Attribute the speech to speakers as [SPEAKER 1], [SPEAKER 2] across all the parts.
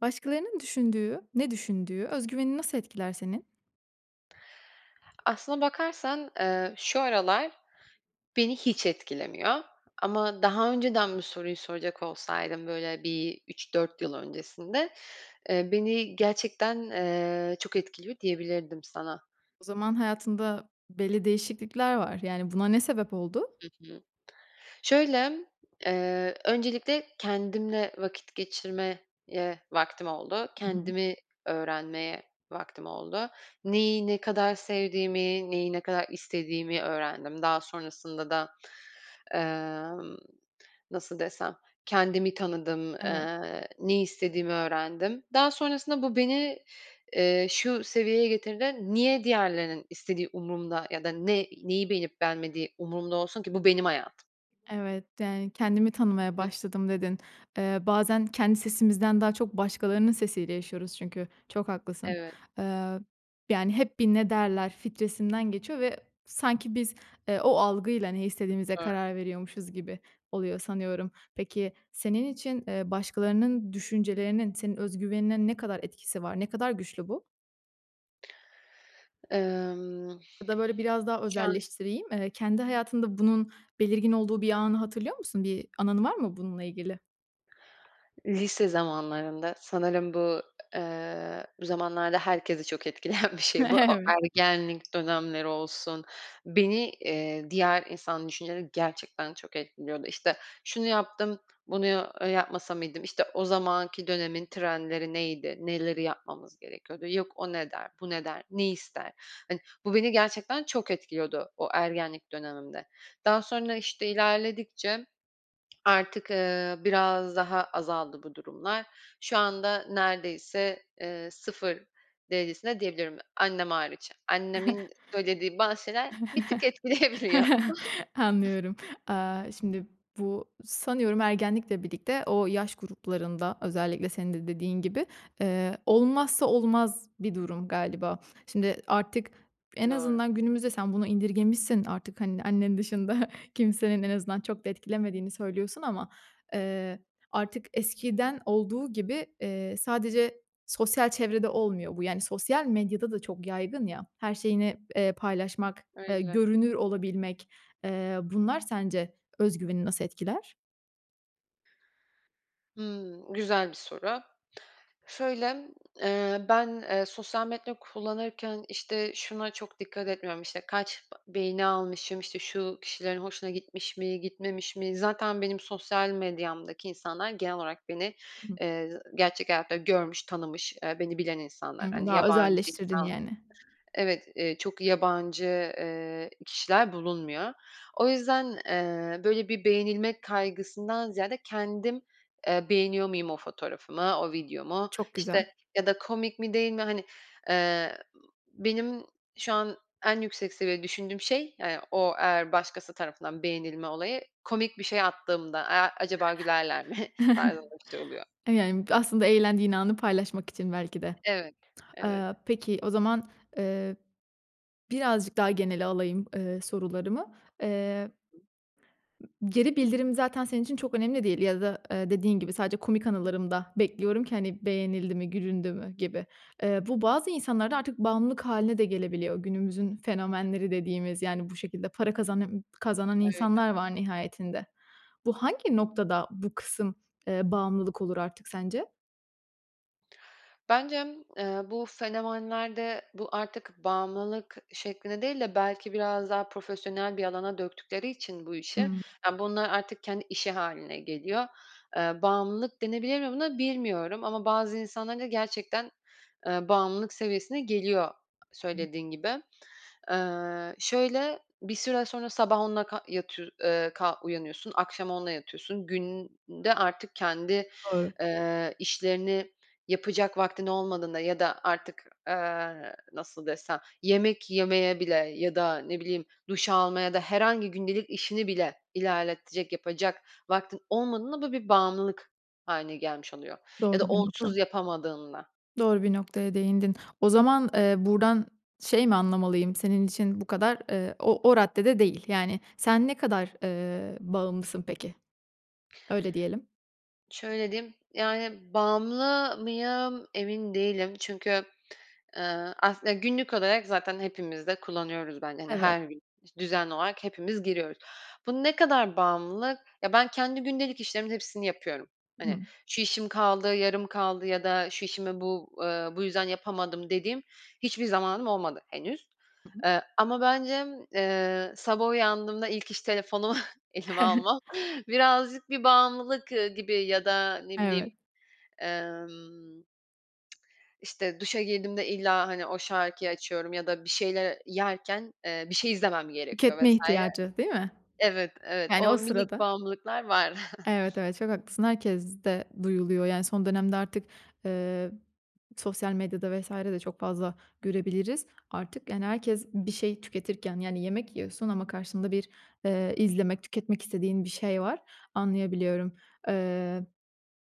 [SPEAKER 1] Başkalarının düşündüğü, ne düşündüğü, öz güvenini nasıl etkiler senin?
[SPEAKER 2] Aslına bakarsan, ııı, şu aralar beni hiç etkilemiyor ama daha önceden bu soruyu soracak olsaydın böyle, bir 3-4 yıl öncesinde, ııı, "Beni gerçekten, ııı, çok etkiliyor." diyebilirdim sana.
[SPEAKER 1] O zaman hayatında belli değişiklikler var. Yani, buna ne sebep oldu?
[SPEAKER 2] Hı hı, şöyle, eee, öncelikle kendimle vakit geçirmeye vaktim oldu.
[SPEAKER 1] Hı hı.
[SPEAKER 2] Kendimi öğrenmeye vaktim oldu. Neyi ne kadar sevdiğimi, neyi ne kadar istediğimi öğrendim. Daha sonrasında da, eee, nasıl desem, kendimi tanıdım,
[SPEAKER 1] Evet.
[SPEAKER 2] ııı, ne istediğimi öğrendim. Daha sonrasında bu beni, ııı, şu seviyeye getirdi: "Niye diğerlerinin istediği umurumda ya da ne neyi beğenip beğenmediği umurumda olsun ki bu benim hayatım?"
[SPEAKER 1] Evet, yani, "Kendimi tanımaya
[SPEAKER 2] [unintelligible]
[SPEAKER 1] başladım." dedin. Eee, bazen kendi sesimizden daha çok başkalarının sesiyle yaşıyoruz çünkü. Çok haklısın.
[SPEAKER 2] Evet.
[SPEAKER 1] Eee, yani, hep bir "ne derler" filtresinden geçiyor ve sanki biz, ııı, o algıyla ne
[SPEAKER 2] Çok
[SPEAKER 1] istediğimize
[SPEAKER 2] doğru.
[SPEAKER 1] karar veriyormuşuz gibi oluyor sanıyorum. Peki, senin için, ııı, başkalarının düşüncelerinin senin öz güvenine ne kadar etkisi var? Ne kadar güçlü bu?
[SPEAKER 2] Emm,
[SPEAKER 1] Ya da böyle biraz daha
[SPEAKER 2] ya.
[SPEAKER 1] özelleştireyim. Eee, kendi hayatında bunun belirgin olduğu bir anı hatırlıyor musun? Bir anın var mı bununla ilgili?
[SPEAKER 2] Lise zamanlarında sanırım bu, eee, bu zamanlarda herkesi çok etkileyen bir şey bu. O
[SPEAKER 1] Evet.
[SPEAKER 2] ergenlik dönemleri olsun, beni, eee, diğer insan düşünceleri gerçekten çok etkiliyordu. İşte, "Şunu yaptım, bunu ya yapmasa mıydım?" işte, o zamanki dönemin trendleri neydi, neleri yapmamız gerekiyordu, yok "O ne der, bu ne der, ne ister?" hani, bu beni gerçekten çok etkiliyordu o ergenlik dönemimde. Daha sonra, işte, ilerledikçe artık, eee, biraz daha azaldı bu durumlar. Şu anda neredeyse, eee, 0 derecesinde diyebilirim, annem hariç. Annemin söylediği bazı şeyler bir tık etkileyebiliyor.
[SPEAKER 1] Anlıyorum. Aaa, şimdi bu, sanıyorum, ergenlikle birlikte o yaş gruplarında özellikle senin de dediğin gibi, eee, olmazsa olmaz bir durum galiba. Şimdi artık en
[SPEAKER 2] Doğru.
[SPEAKER 1] azından günümüzde sen bunu indirgemişsin artık, hani, annen dışında kimsenin en azından çok da etkilemediğini söylüyorsun. Ama, eee, artık eskiden olduğu gibi, eee, sadece sosyal çevrede olmuyor bu. Yani, sosyal medyada da çok yaygın ya, her şeyini, eee, paylaşmak, eee,
[SPEAKER 2] Öyle.
[SPEAKER 1] görünür olabilmek, eee, bunlar sence öz güveni nasıl etkiler?
[SPEAKER 2] Hımm. Güzel bir soru. Şöyle, eee, ben, eee, sosyal medya kullanırken, işte, şuna çok dikkat etmiyorum: İşte, kaç beğeni almışım, işte, şu kişilerin hoşuna gitmiş mi, gitmemiş mi, zaten benim sosyal medyamdaki insanlar genel olarak beni,
[SPEAKER 1] [unintelligible]
[SPEAKER 2] eee, gerçek hayatta görmüş, tanımış, eee, beni bilen insanlar.
[SPEAKER 1] Hıı,
[SPEAKER 2] Hani
[SPEAKER 1] daha
[SPEAKER 2] yabancı
[SPEAKER 1] özelleştirdin
[SPEAKER 2] insan
[SPEAKER 1] yani.
[SPEAKER 2] Evet. Eee, çok yabancı, eee, kişiler bulunmuyor. O yüzden, eee, böyle bir beğenilmek kaygısından ziyade kendim, eee, beğeniyor muyum o fotoğrafımı, o videomu,
[SPEAKER 1] Çok güzel.
[SPEAKER 2] işte ya da komik mi, değil mi hani, eee, benim şu an, en yüksek seviyede düşündüğüm şey, eee, o, eğer başkası tarafından beğenilme olayı: komik bir şey attığımda, eee, acaba gülerler mi tarzında bir şey oluyor.
[SPEAKER 1] Eee, yani aslında eğlendiğin anı paylaşmak için belki de.
[SPEAKER 2] Evet, evet.
[SPEAKER 1] Eee, peki o zaman, eee, birazcık daha genele alayım, eee, sorularımı. Eee,
[SPEAKER 2] [unintelligible]
[SPEAKER 1] geri bildirim zaten senin için çok önemli değil ya da, eee, dediğin gibi, sadece komik anılarımda bekliyorum ki hani beğenildi mi, gülündü mü gibi. Eee, bu bazı insanlarda artık bağımlılık hâline de gelebiliyor. Günümüzün fenomenleri dediğimiz yani bu şekilde para kazana kazanan
[SPEAKER 2] Öyle.
[SPEAKER 1] insanlar var nihayetinde. Bu hangi noktada, bu kısım, eee, bağımlılık olur artık sence?
[SPEAKER 2] Bence m eee, bu fenomenlerde bu artık bağımlılık şeklinde değil de belki biraz daha profesyonel bir alana döktükleri için bu işi,
[SPEAKER 1] Hımm.
[SPEAKER 2] aaa, bunlar artık kendi işi hâline geliyor. Eee, bağımlılık denebilir mi buna bilmiyorum ama bazı insanların da gerçekten, eee, bağımlılık seviyesine geliyor söylediğin gibi. Eee, şöyle, bir süre sonra sabah onunla ka yatıyor eee, ka uyanıyorsun, akşam onunla yatıyorsun. Günde artık kendi,
[SPEAKER 1] Doğru.
[SPEAKER 2] eee, işlerini yapacak vaktin olmadığında ya da artık, eee, nasıl desem? Yemek yemeye bile ya da ne bileyim duş almaya da herhangi gündelik işini bile ilerletecek, yapacak vaktin olmadığında bu bir bağımlılık hâline gelmiş oluyor. Ya da
[SPEAKER 1] Doğru bir nokta.
[SPEAKER 2] onsuz yapamadığında.
[SPEAKER 1] Doğru bir noktaya değindin. O zaman, eee, buradan şey mi anlamalıyım? Senin için bu kadar, eee, o o raddede değil. Yani, sen ne kadar, eee, bağımlısın peki? Öyle diyelim.
[SPEAKER 2] Şöyle diyeyim, yani, bağımlı mıyım emin değilim. Çünkü, ııı, aslın günlük olarak zaten hepimiz de kullanıyoruz. Ben, hani,
[SPEAKER 1] Evet.
[SPEAKER 2] her gün iş düzenli olarak hepimiz giriyoruz. Bu ne kadar bağımlılık? Ya, ben kendi gündelik işlerimin hepsini yapıyorum. "Hani,
[SPEAKER 1] Hımm.
[SPEAKER 2] şu işim kaldı, yarım kaldı ya da şu işimi bu, eee, bu yüzden yapamadım." dediğim hiçbir zamanım olmadı henüz.
[SPEAKER 1] Hı hı.
[SPEAKER 2] Eee, ama bence m eee, sabah uyandığımda ilk iş telefonumu elime almam birazcık bir bağımlılık, ııı, gibi ya da ne bileyim,
[SPEAKER 1] Evet.
[SPEAKER 2] emm, işte, duşa girdiğimde illa, hani, o şarkıyı açıyorum ya da bir şeyler yerken, eee, bir şey izlemem gerekiyor
[SPEAKER 1] Tüketme
[SPEAKER 2] vs.
[SPEAKER 1] ihtiyacı, değil mi?
[SPEAKER 2] Evet, evet,
[SPEAKER 1] Yani,
[SPEAKER 2] o
[SPEAKER 1] o
[SPEAKER 2] minik
[SPEAKER 1] sırada.
[SPEAKER 2] bağımlılıklar var.
[SPEAKER 1] Evet, evet. Çok haklısın. Herkeste duyuluyor, yani, son dönemde artık, eee, sosyal medyada vs.de çok fazla görebiliriz artık, yani, herkes bir şey tüketirken. Yani, yemek yiyorsun ama karşında bir, eee, izlemek, tüketmek istediğin bir şey var. Anlayabiliyorum. Eee,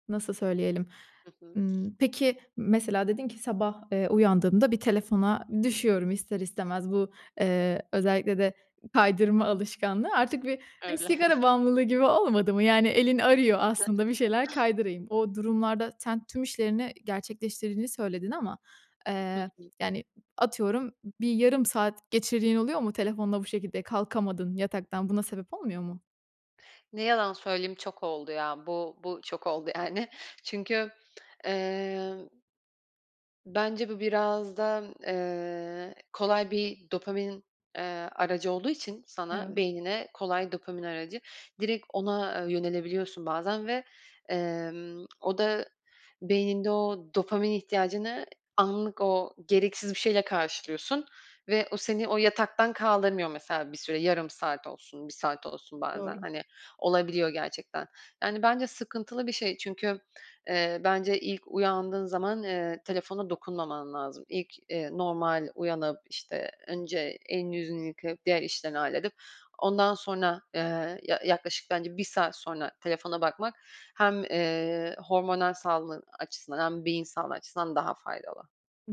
[SPEAKER 1] nasıl söyleyelim?
[SPEAKER 2] Hı hı.
[SPEAKER 1] Imm, peki mesela dedin ki: "Sabah, eee, uyandığımda bir telefona düşüyorum ister istemez." Bu, eee, özellikle de kaydırma alışkanlığı artık bir, hani,
[SPEAKER 2] Öyle.
[SPEAKER 1] sigara bağımlılığı gibi olmadı mı? Yani, elin arıyor aslında bir şeyler kaydırayım. O durumlarda sen tüm işlerini gerçekleştirdiğini söyledin ama,
[SPEAKER 2] Hı
[SPEAKER 1] eee,
[SPEAKER 2] hı.
[SPEAKER 1] yani, atıyorum bir yarım saat geçirdiğin oluyor mu telefonla bu şekilde? Kalkamadın yataktan. Buna sebep olmuyor mu?
[SPEAKER 2] Ne yalan söyleyeyim, çok oldu ya. Bu bu çok oldu, yani. Çünkü eee bence bu biraz da, eee, kolay bir dopamin, eee, aracı olduğu için sana,
[SPEAKER 1] Evet.
[SPEAKER 2] beynine kolay dopamin aracı. Direkt ona, eee, yönelebiliyorsun bazen ve, emm, o da beyninde o dopamin ihtiyacını anlık o gereksiz bir şeyle karşılıyorsun. Ve o seni o yataktan kaldırmıyor mesela bir süre. Yarım saat olsun, 1 saat olsun bazen,
[SPEAKER 1] Doğru.
[SPEAKER 2] hani, olabiliyor gerçekten. Yani, bence sıkıntılı bir şey çünkü, eee, bence ilk uyandığın zaman, eee, telefona dokunmaman lazım. İlk, eee, normal uyanıp, işte, önce elini, yüzünü yıkayıp diğer işlerini halledip ondan sonra, eee, ya yaklaşık bence 1 saat sonra telefona bakmak, hem, eee, hormonal sağlığın açısından hem beyin sağlığı açısından daha faydalı.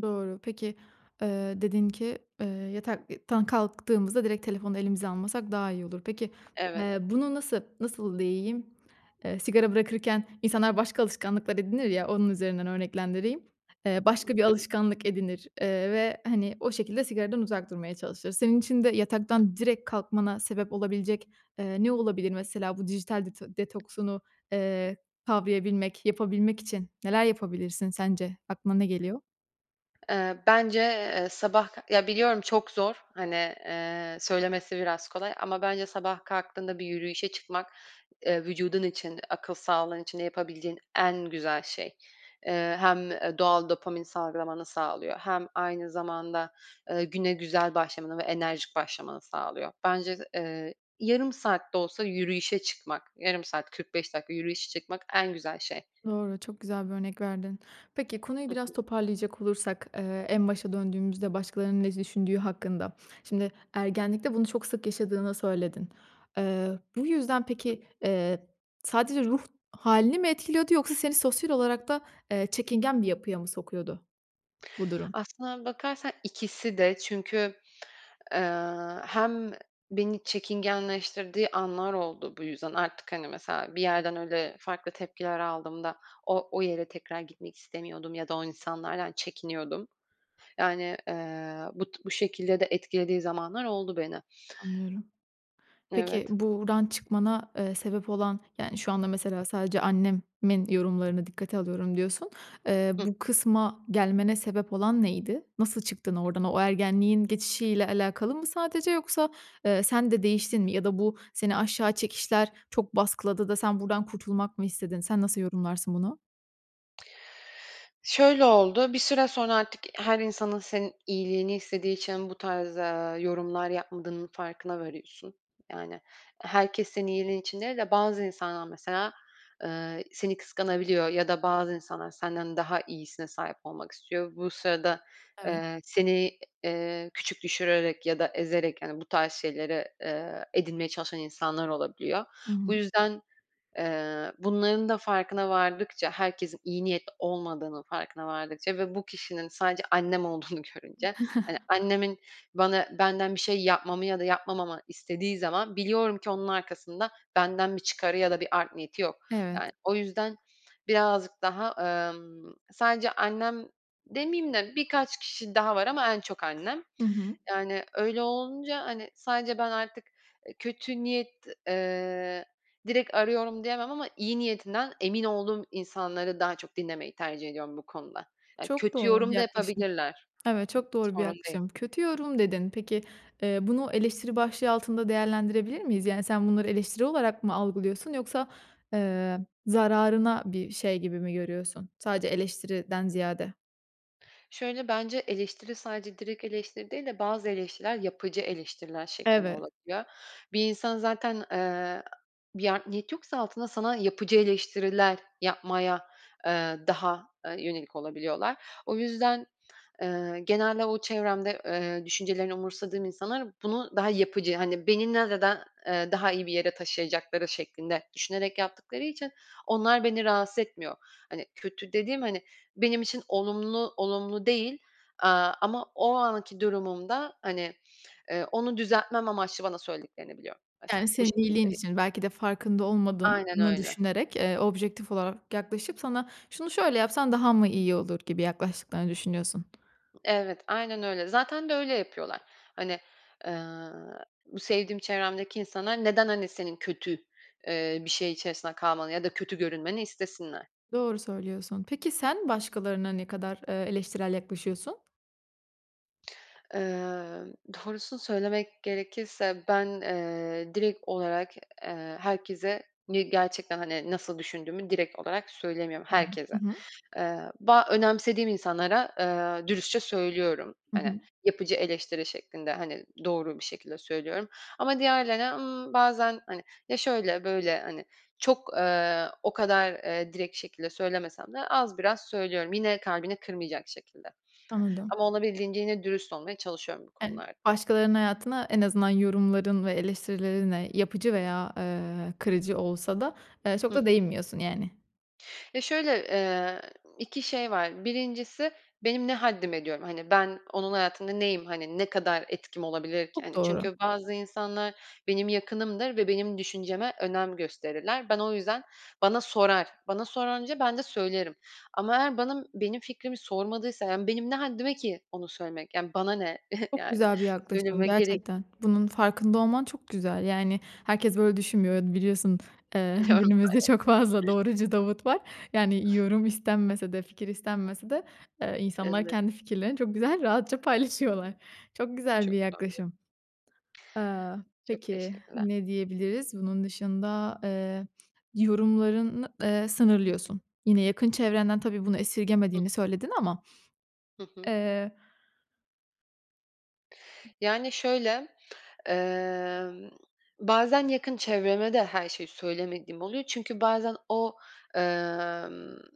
[SPEAKER 1] Doğru. Peki, eee, dedin ki, eee, yatak i tan kalktığımızda direkt telefonu elimize almasak daha iyi olur. Peki, eee,
[SPEAKER 2] Evet.
[SPEAKER 1] bunu, nasıl nasıl diyeyim? Eee, sigara bırakırken insanlar başka alışkanlıklar edinir ya, onun üzerinden örneklendireyim. Eee,
[SPEAKER 2] Hı
[SPEAKER 1] başka bir
[SPEAKER 2] hı.
[SPEAKER 1] alışkanlık edinir, eee ve hani, o şekilde sigaradan uzak durmaya çalışır. Senin için de yataktan direkt kalkmana sebep olabilecek, eee, ne olabilir? Mesela, bu dijital det detoksunu, eee, kavrayabilmek, yapabilmek için neler yapabilirsin, sence? Aklına ne geliyor?
[SPEAKER 2] Eee, bence, eee, sabah Ya, biliyorum çok zor. Hani, eee, söylemesi biraz kolay ama bence sabah kalktığında bir yürüyüşe çıkmak, eee, vücudun için, akıl sağlığın için de yapabileceğin en güzel şey. Eee, hem, eee, doğal dopamin salgılamanı sağlıyor hem aynı zamanda, ııı, güne güzel başlamanı ve enerjik başlamanı sağlıyor. Bence, eee, yarım saat de olsa yürüyüşe çıkmak, yarım saat, 45 dakika yürüyüşe çıkmak, en güzel şey.
[SPEAKER 1] Doğru. Çok güzel bir örnek verdin. Peki, konuyu
[SPEAKER 2] I
[SPEAKER 1] biraz
[SPEAKER 2] hı.
[SPEAKER 1] toparlayacak olursak, eee, en başa döndüğümüzde, başkalarının ne düşündüğü hakkında. Şimdi, ergenlikte bunu çok sık yaşadığını söyledin. Eee, bu yüzden peki, eee, sadece ruh hâlini mi etkiliyordu yoksa seni sosyal olarak da eee, çekingen bir yapıya mı sokuyordu, bu durum?
[SPEAKER 2] Aslına bakarsan, ikisi de. Çünkü, eee, hem beni çekingenleştirdiği anlar oldu, bu yüzden. Artık, hani, mesela, bir yerden öyle farklı tepkiler aldığımda o o yere tekrar gitmek istemiyordum ya da o insanlardan çekiniyordum. Yani, eee, bu t bu şekilde de etkilediği zamanlar oldu beni.
[SPEAKER 1] Anlıyorum. Peki,
[SPEAKER 2] Evet.
[SPEAKER 1] buradan çıkmana, eee, sebep olan, yani, şu anda mesela, sadece annemin yorumlarını dikkate alıyorum, diyorsun. Eee,
[SPEAKER 2] Hı.
[SPEAKER 1] bu kısma gelmene sebep olan neydi? Nasıl çıktın oradan? O ergenliğin geçişiyle alakalı mı sadece yoksa, eee, sen de değiştin mi? Ya da bu seni aşağı çekişler çok baskıladı da sen buradan kurtulmak mı istedin? Sen nasıl yorumlarsın bunu?
[SPEAKER 2] Şöyle oldu. Bir süre sonra artık her insanın senin iyiliğini istediği için bu tarz, eee, yorumlar yapmadığının farkına variyorsun. Yani, herkes senin iyiliğin için değil de bazı insanlar, mesela, eee, seni kıskanabiliyor ya da bazı insanlar senden daha iyisine sahip olmak istiyor. Bu sırada,
[SPEAKER 1] Evet.
[SPEAKER 2] eee, seni, iii, küçük düşürerek ya da ezerek, hani, bu tarz şeyleri, eee, edinmeye çalışan insanlar olabiliyor.
[SPEAKER 1] Hı
[SPEAKER 2] Bu
[SPEAKER 1] hı.
[SPEAKER 2] yüzden, eee, bunların da farkına vardıkça herkesin iyi niyetli olmadığının farkına vardıkça ve bu kişinin sadece annem olduğunu görünce. Hani, annemin bana benden bir şey yapmamı ya da yapmamamı istediği zaman biliyorum ki onun arkasında benden bir çıkarı ya da bir art niyeti yok. Yani,
[SPEAKER 1] Evet.
[SPEAKER 2] o yüzden birazcık daha, emm, sadece annem demeyeyim de birkaç kişi daha var ama en çok annem.
[SPEAKER 1] Hı hı.
[SPEAKER 2] Yani, öyle olunca, hani, sadece ben artık, ııı, kötü niyet, ııı, direkt arıyorum diyemem. Ama iyi niyetinden emin olduğum insanları daha çok dinlemeyi tercih ediyorum bu konuda. Yani,
[SPEAKER 1] Çok
[SPEAKER 2] kötü
[SPEAKER 1] doğru bir
[SPEAKER 2] yorum da
[SPEAKER 1] yaklaşım.
[SPEAKER 2] yapabilirler
[SPEAKER 1] Evet, çok doğru bir
[SPEAKER 2] sorun değil.
[SPEAKER 1] yaklaşım. Kötü yorum dedin. Peki, eee, bunu eleştiri başlığı altında değerlendirebilir miyiz? Yani, sen bunları eleştiri olarak mı algılıyorsun yoksa, eee, zararına bir şey gibi mi görüyorsun? Sadece eleştiriden ziyade.
[SPEAKER 2] Şöyle, bence eleştiri sadece direkt eleştiri değil de bazı eleştiriler yapıcı eleştiriler şeklinde
[SPEAKER 1] Evet.
[SPEAKER 2] olabiliyor. Bir insan zaten, ııı, bir art niyet yoksa altında sana yapıcı eleştiriler yapmaya, ııı, daha, ııı, yönelik olabiliyorlar. O yüzden, ııı, genelde o çevremde, ııı, düşüncelerini umursamadığım insanlar bunu daha yapıcı hani beni, [unintelligible] eee, daha iyi bir yere taşıyacakları şeklinde düşünerek yaptıkları için onlar beni rahatsız etmiyor. Hani, kötü dediğim, hani, benim için olumlu olumlu değil, aaa, ama o anki durumumda hani, ııı, onu düzeltmem amaçlı bana söylediklerini biliyorum. Mesela
[SPEAKER 1] Yani
[SPEAKER 2] bu
[SPEAKER 1] senin
[SPEAKER 2] şekilde
[SPEAKER 1] iyiliğin
[SPEAKER 2] değil.
[SPEAKER 1] için belki de farkında
[SPEAKER 2] Aynen
[SPEAKER 1] olmadığını
[SPEAKER 2] öyle.
[SPEAKER 1] düşünerek, ııı, objektif olarak yaklaşıp sana şunu şöyle yapsan daha mı iyi olur gibi yaklaştıklarını düşünüyorsun.
[SPEAKER 2] Evet, aynen öyle. Zaten de öyle yapıyorlar. Hani, ııı, bu sevdiğim çevremdeki insanlar neden, hani, senin kötü, ııı, bir şey içerisinde kalmanı ya da kötü görünmeni istesinler?
[SPEAKER 1] Doğru söylüyorsun. Peki sen başkalarına ne kadar, ııı, eleştirel yaklaşıyorsun?
[SPEAKER 2] Eee, doğrusunu söylemek gerekirse, ben, eee, direkt olarak, eee, herkese ni gerçekten hani nasıl düşündüğümü direkt olarak söylemiyorum
[SPEAKER 1] Hı. Hı
[SPEAKER 2] herkese.
[SPEAKER 1] hı.
[SPEAKER 2] Eee, ba önemsediğim insanlara, eee, dürüstçe söylüyorum.
[SPEAKER 1] Hı
[SPEAKER 2] Hani
[SPEAKER 1] hı.
[SPEAKER 2] yapıcı eleştiri şeklinde, hani, doğru bir şekilde söylüyorum. Ama diğerlerine, ımm, bazen hani ya şöyle, böyle hani çok, eee, o kadar, eee, direkt şekilde söylemesem de az biraz söylüyorum. Yine kalbini kırmayacak şekilde.
[SPEAKER 1] Anladım.
[SPEAKER 2] Ama olabildiğince yine dürüst olmaya çalışıyorum bu
[SPEAKER 1] Evet.
[SPEAKER 2] konulard
[SPEAKER 1] Başkalarının hayatına en azından yorumların ve eleştirilerinle yapıcı veya, eee, kırıcı olsa da, eee, çok
[SPEAKER 2] Hı hı.
[SPEAKER 1] da değinmiyorsun yani.
[SPEAKER 2] Ya, şöyle, eee, 2 şey var. 1'incisi benim ne haddime diyorum. Hani ben onun hayatında neyim. Hani ne kadar etkim olabilir ki,
[SPEAKER 1] Çok
[SPEAKER 2] hani,
[SPEAKER 1] doğru.
[SPEAKER 2] çünkü bazı insanlar benim yakınımdır ve benim düşünceme önem gösterirler. Ben o yüzden, bana sorar. Bana sorunca ben de söylerim ama eğer benim benim fikrimi sormadıysa yani benim ne haddime ki onu söylemek. Yani bana ne
[SPEAKER 1] Çok
[SPEAKER 2] yani!
[SPEAKER 1] güzel bir yaklaşım
[SPEAKER 2] Söyleme gerek
[SPEAKER 1] gerçekten. Bunun farkında olman çok güzel. Yani herkes böyle düşünmüyor. Biliyorsun, eee,
[SPEAKER 2] Biliyorum.
[SPEAKER 1] günümüzde çok fazla
[SPEAKER 2] Elbette.
[SPEAKER 1] doğrucu Davut var. Yani yorum istenmese de, fikir istenmese de, eee, insanlar
[SPEAKER 2] Evet.
[SPEAKER 1] kendi fikirlerini çok güzel rahatça paylaşıyorlar. Çok güzel
[SPEAKER 2] Çok
[SPEAKER 1] bir
[SPEAKER 2] doğru.
[SPEAKER 1] yaklaşım. Eee,
[SPEAKER 2] Çok
[SPEAKER 1] peki
[SPEAKER 2] teşekkürler.
[SPEAKER 1] ne diyebiliriz bunun dışında, eee, yorumlarını, eee, sınırlıyorsun. Yine yakın çevrenden tabii bunu
[SPEAKER 2] Hıh.
[SPEAKER 1] esirgemediğini söyledin ama.
[SPEAKER 2] Hı hı.
[SPEAKER 1] Eee
[SPEAKER 2] Yani şöyle. Eee, bazen yakın çevreme de her şeyi söylemediğim oluyor çünkü bazen o, eee,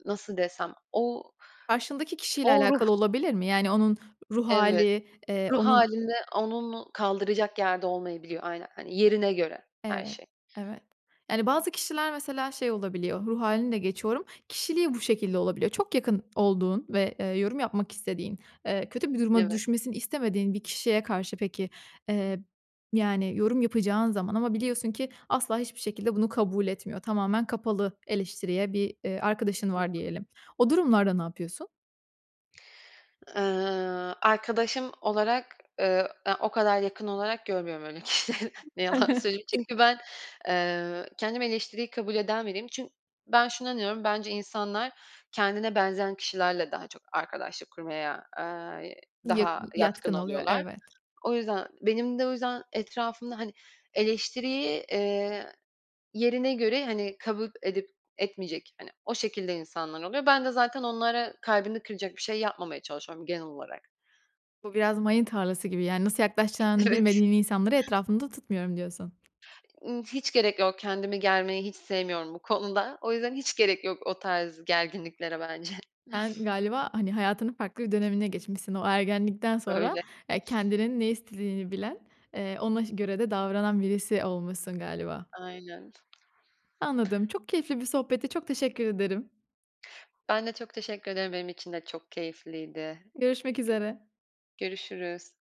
[SPEAKER 2] nasıl desem o,
[SPEAKER 1] Karşındaki kişiyle
[SPEAKER 2] o ruh
[SPEAKER 1] alakalı olabilir mi? Yani onun ruh
[SPEAKER 2] evet,
[SPEAKER 1] hâli, eee,
[SPEAKER 2] ruh
[SPEAKER 1] onun
[SPEAKER 2] halinde onun kaldıracak yerde olmayabiliyor aynen. Hani yerine göre her
[SPEAKER 1] Evet,
[SPEAKER 2] şey.
[SPEAKER 1] evet. Yani bazı kişiler mesela şey olabiliyor, ruh halini de geçiyorum, kişiliği bu şekilde olabiliyor. Çok yakın olduğun ve, eee, yorum yapmak istediğin, eee, kötü bir duruma
[SPEAKER 2] Evet.
[SPEAKER 1] düşmesini istemediğin bir kişiye karşı peki, eee, yani yorum yapacağın zaman ama biliyorsun ki asla hiçbir şekilde bunu kabul etmiyor. Tamamen kapalı eleştiriye bir, eee, arkadaşın
[SPEAKER 2] Hı
[SPEAKER 1] var
[SPEAKER 2] hı.
[SPEAKER 1] diyelim. O durumlarda ne yapıyorsun?
[SPEAKER 2] Eee, arkadaşım olarak, ııı, aaa, o kadar yakın olarak görmüyorum öyle kişleri. Ne yalan söyleyeyim çünkü ben, eee, kendimi eleştiriyi kabul eden biriyim çün ben şunu inanıyorum. Bence insanlar kendine benzeyen kişilerle daha çok arkadaşlık kurmaya, ııı,
[SPEAKER 1] Yak
[SPEAKER 2] daha yatkın
[SPEAKER 1] yatkın oluyor
[SPEAKER 2] oluyorlar.
[SPEAKER 1] evet.
[SPEAKER 2] O yüzden, benim de o yüzden etrafımda hani eleştiriyi, eee, yerine göre hani kabul edip etmeyecek, hani, o şekilde insanlar oluyor. Ben de zaten onlara kalbini kıracak bir şey yapmamaya çalışıyorum genel olarak.
[SPEAKER 1] Bu biraz mayın tarlası gibi. Yani nasıl
[SPEAKER 2] Bi
[SPEAKER 1] yaklaşacağını
[SPEAKER 2] evet.
[SPEAKER 1] bilmediğin insanları etrafında tutmuyorum diyorsun.
[SPEAKER 2] Imm, hiç gerek yok kendimi germeyi hiç sevmiyorum bu konuda. O yüzden hiç gerek yok o tarz gerginliklere bence.
[SPEAKER 1] Sen galiba, hani, hayatının farklı bir dönemine geçmişsin. O ergenlikten sonra,
[SPEAKER 2] Öyle.
[SPEAKER 1] eee, kendinin ne istediğini bilen, eee, ona ş göre de davranan birisi olmuşsun galiba.
[SPEAKER 2] Aynen.
[SPEAKER 1] Anladım. Çok keyifli bir sohbetti. Çok teşekkür ederim.
[SPEAKER 2] Ben de çok teşekkür ederim. Benim için de çok keyifliydi.
[SPEAKER 1] Görüşmek üzere.
[SPEAKER 2] Gö görüşürüz.